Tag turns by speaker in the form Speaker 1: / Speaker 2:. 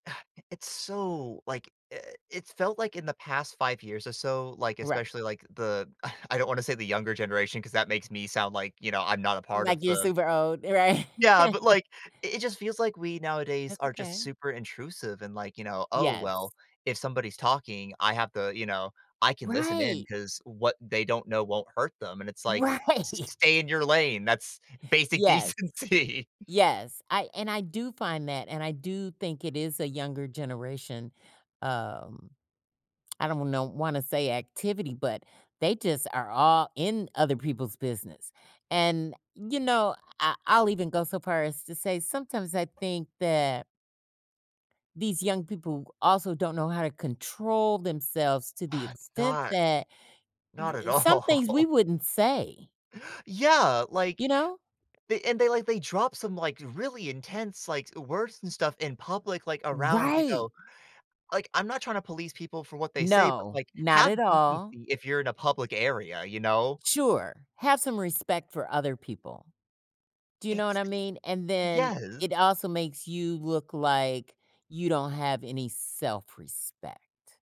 Speaker 1: It it's so like, eh it's felt like in the past 5 years or so, like,
Speaker 2: Right.
Speaker 1: especially like the, ugh, I don't want to say the younger generation 'cause that makes me sound like, you know, I'm not a part
Speaker 2: Like
Speaker 1: of
Speaker 2: you're
Speaker 1: the
Speaker 2: super old, right?
Speaker 1: Yeah, but like, it it just feels like we nowadays
Speaker 2: That's
Speaker 1: are just
Speaker 2: okay.
Speaker 1: super intrusive and like, you know, "Oh
Speaker 2: Yes.
Speaker 1: well, if somebody's talking, I have the you know, I can listen in
Speaker 2: Right.
Speaker 1: 'cause what they don't know won't hurt them" and it's like, s
Speaker 2: Right.
Speaker 1: s stay in your lane, that's basic
Speaker 2: Yes.
Speaker 1: decency.
Speaker 2: Yes, I and I do find that, and I do think it is a younger generation, um, I don't know wanna say activity, but they just are all in other people's business. And, you know, I I'll even go so far as to say, sometimes I think that these young people also don't know how to control themselves to the
Speaker 1: Uh,
Speaker 2: extent
Speaker 1: not,
Speaker 2: that
Speaker 1: not
Speaker 2: li
Speaker 1: at
Speaker 2: and some things
Speaker 1: all.
Speaker 2: we wouldn't say.
Speaker 1: Yeah,
Speaker 2: You
Speaker 1: like,
Speaker 2: know?
Speaker 1: they and they like they dropped some like really intense, like, s words and stuff in public, like around, you
Speaker 2: Right.
Speaker 1: know like, I'm not trying to police people for what they say, but
Speaker 2: No,
Speaker 1: like,
Speaker 2: not
Speaker 1: have
Speaker 2: at
Speaker 1: decency
Speaker 2: all.
Speaker 1: if you're in a public area, you know.
Speaker 2: Sure, have some respect for other people. Do you know what
Speaker 1: It's
Speaker 2: I mean? And then
Speaker 1: yes.
Speaker 2: it also makes you look like you don't have any self-respect.